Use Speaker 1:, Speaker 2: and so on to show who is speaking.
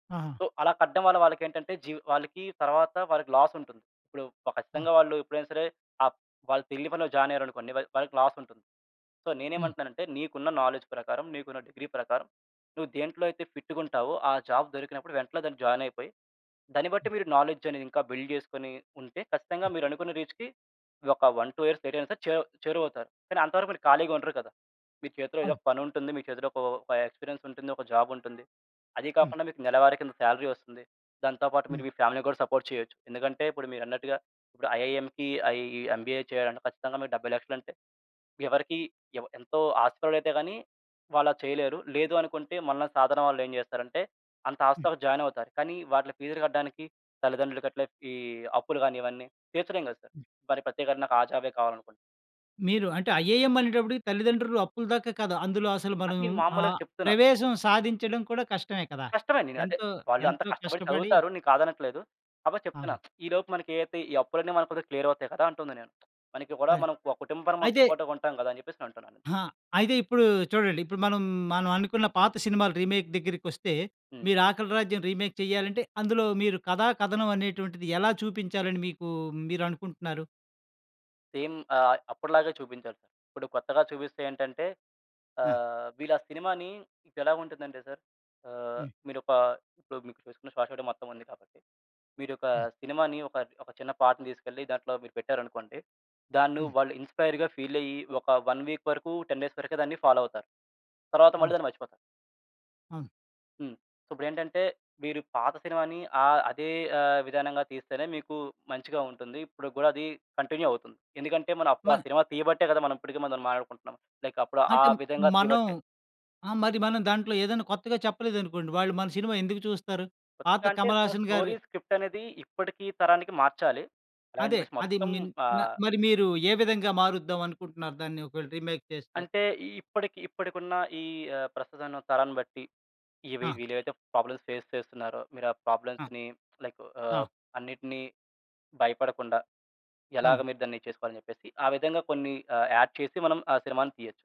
Speaker 1: ఆహా!
Speaker 2: సో, అలా కడ్డం వల్ల వాలకేంటంటే జీ వాళ్ళకి తరువాత వాళ్ళకి లాస్ ఉంటుంది. ఇప్పుడు ప
Speaker 1: ఆ!
Speaker 2: ఖచ్చితంగా వాళ్ళు ఎప్పుడైనా సరే ఆహ్, వాళ్ళు తెలియని పనిలో జాయిన్ అయ్యారనుకోండి వాళ్ వాళ్ళకి లాస్ ఉంటుంది. సో,
Speaker 1: హ్మ్.
Speaker 2: నేనేమంటున్నానంటే, "నీకున్న నాలెడ్జ్ ప్రకారం నీకున్న డిగ్రీ ప్రకారం నువ్వు దేంట్లో అయితే ఫిట్ గుంటావో ఆ జాబ్ దొరికినప్పుడు వెంటనే దాంట్లో జాయిన్ అయిపోయి, దాన్ని బట్టి
Speaker 1: హ్మ్.
Speaker 2: మీరు నాలెడ్జ్ అనేది ఇంకా బిల్డ్ చేసుకొని ఉంటే ఖచ్చితంగా
Speaker 1: హ్మ్.
Speaker 2: మీరనుకున్న రీచ్‌కి ఒక 1, 2 ఇయర్స్ లేట్ అయినా సరే చెవు చేరువవుతారు. కానీ అంతవరకు మీరు ఖాళీగా ఉండరు కదా! మీ చేతిలో ఏదో
Speaker 1: అవును.
Speaker 2: ఒక పనుంటుంది. మీ చేతిలో ఒక వ ఒక ఎక్స్పీరియన్స్ ఉంటుంది. ఒక జాబ్ ఉంటుంది. అదీ
Speaker 1: హ్మ్.
Speaker 2: కాకుండా మీకు నెలవారీ కింద సాలరీ వస్తుంది. దాంతో పాటు
Speaker 1: హ్మ్.
Speaker 2: మీరు మీ ఫ్యామిలీ‌ని కూడా సపోర్ట్ చేయొచ్చు". ఎందుకంటే ఇప్పుడు మీరన్నట్టుగా ఇప్పుడు ఐఐఎం‌కి ఈ ఎంబీఏ చేయాలంటే ఖచ్చితంగా మీకు 70,00,000 అంటే ఎవరికీ ఎవ ఎంతో ఆస్తిపరులైతే గాని వాళ్లది చేయలేరు. లేదు అనుకుంటే మనలా సాధారణ వాళ్ళు ఏం చేస్తారంటే అంత
Speaker 1: హ్మ్.
Speaker 2: హాస్టల్‌లో జాయిన్ అవుతారు. కానీ వాటి ఫీస్‌లు కట్టడానికి తల్లిదండ్రులు గట్ల ఈ అప్పులు గాని ఇవన్నీ తీర్చలేం గదా! సార్.
Speaker 1: హ్మ్.
Speaker 2: మరి ప్రత్యేకరణ నాకు ఆ జాబ్ కావాలనుకోండి.
Speaker 1: మీరు అంటే ఐఏఎం అనేటప్పటికి తల్లిదండ్రులు అప్పులు దాకా కాదు. అందులో అసలు మనం
Speaker 2: అన్ని
Speaker 1: ఆ
Speaker 2: మాములుగా చెప్తున్నారు.
Speaker 1: ప్రవేశం సాధించడం కూడా కష్టమే కదా!
Speaker 2: కష్టమే అండి. నేను అదే
Speaker 1: ఎంతో
Speaker 2: వాళ్ళు అంత
Speaker 1: ఎంతో
Speaker 2: కష్టపడి
Speaker 1: కష్టపడి
Speaker 2: చదువుతారు. నేను కాదనట్లేదు. కాపోతె
Speaker 1: ఆ!
Speaker 2: చెప్తున్నా ఈలోపు మనకి ఏదైతే ఈ అప్పులన్నీ మనకు కొంచెం క్లియర్ అవుతాయి కదా! అంటున్నా నేను. మనకి కూడా
Speaker 1: అదే.
Speaker 2: మనం ఒక కుటుంబ పరమ
Speaker 1: అయితే
Speaker 2: సపోర్ట్‌గా ఉంటాం గదా! అని చెప్పేసి నేను అంటున్నాను.
Speaker 1: ఆహా! అయితే ఇప్పుడు చూడండి ఇప్పుడు మనం మనం అనుకున్న పాత సినిమాలు రీమేక్ దగ్గరికొస్తే
Speaker 2: హ్మ్.
Speaker 1: మీరు 'ఆకలి రాజ్యం' రీమేక్ చేయాలంటే అందులో మీరు కథా, కథనం అనేటువంటిది ఎలా చూపించాలని మీకు మీరు అనుకుంటున్నారు?
Speaker 2: సేమ్. ఆహ్, అప్పటిలాగే చూపించాలి. ఇప్పుడు కొత్తగా చూపిస్తే ఏంటంటే
Speaker 1: ఆ!
Speaker 2: ఆహ్, వీళ్ళా సినిమా‌ని ఇదేలా ఉంటుందంటే సార్ ఆహ్,
Speaker 1: హ్మ్.
Speaker 2: మీరొక ఇప్పుడు మీకు చూసుకున్న శ్వాసడ మొత్తం ఉంది కాబట్టి మీరొక
Speaker 1: హ్మ్.
Speaker 2: సినిమా‌ని ఒక ఒక చిన్న పాటని తీసుకెళ్ళి దాంట్లో మీరు పెట్టారనుకోండి దాన్ని
Speaker 1: హ్మ్.
Speaker 2: వాళ్ళు ఇన్స్పైర్‌గా ఫీల్ అయ్యి ఒక 1 వీక్ వరకు 10 డేస్ వరకే దాన్ని ఫాలో అవుతారు. తరువాత మళ్ళీ
Speaker 1: అవును.
Speaker 2: దాన్ని మర్చిపోతారు.
Speaker 1: అవును.
Speaker 2: హ్మ్. సో, ఇప్పుడేంటంటే మీరు పాత సినిమా‌ని ఆ అదే ఆహ్, విధానంగా తీస్తేనే మీకు మంచిగా ఉంటుంది. ఇప్పడికి గూడా అది కంటిన్యూ అవుతుంది. ఎందుకంటే మనం అప్పుడు ఆ
Speaker 1: మా
Speaker 2: సినిమా తీయబట్టే గదా! మనం ఇప్పటికి మనం మాట్లాడుకుంటున్నాం. లైక్ అప్పుడు ఆ
Speaker 1: అంటే
Speaker 2: విధంగా
Speaker 1: మనం
Speaker 2: తీయబట్టే.
Speaker 1: ఆ! మరి మనం దాంట్లో ఏదైనా కొత్తగా చెప్పలేదనుకోండి. వాళ్ళు మన సినిమా ఎందుకు చూస్తారు? పాత
Speaker 2: కొత్తగా అంటే
Speaker 1: కమల్
Speaker 2: ఆా
Speaker 1: హాసన్ గారు
Speaker 2: స్టోరీ స్క్రిప్ట్ అనేది ఇప్పటికీ తరానికి మార్చాలి. అలాగని
Speaker 1: అదే.
Speaker 2: చెప్పేసి
Speaker 1: అది
Speaker 2: మొత్తం
Speaker 1: మీన్ న
Speaker 2: ఆహ్
Speaker 1: మరి మీరు ఏ విధంగా మారుద్దాం అనుకుంటున్నారు దాన్ని ఒకవేళ రీమేక్ చేస్తే?
Speaker 2: అంటే ఇప్పడికి ఇప్పడికున్న ఈ ఆహ్, ప్రస్తుతం ఉన్న తరాన్ని బట్టి ఇవి
Speaker 1: ఆ!
Speaker 2: వీళ్ళేవైతే ప్రాబ్లమ్స్ ఫేస్ చేస్తున్నారో మీరు ఆ
Speaker 1: ఆ!
Speaker 2: ప్రాబ్లమ్స్‌ని లైక్ ఆహ్,
Speaker 1: ఆ!
Speaker 2: అన్నిటిని భయపడకుండా ఎలాగ
Speaker 1: అవును.
Speaker 2: మీరు దాన్ని చేసుకోవాలి అని చెప్పేసి ఆ విధంగా కొన్ని ఆహ్, యాడ్ చేసి మనం ఆ సినిమా‌ని తీయొచ్చు.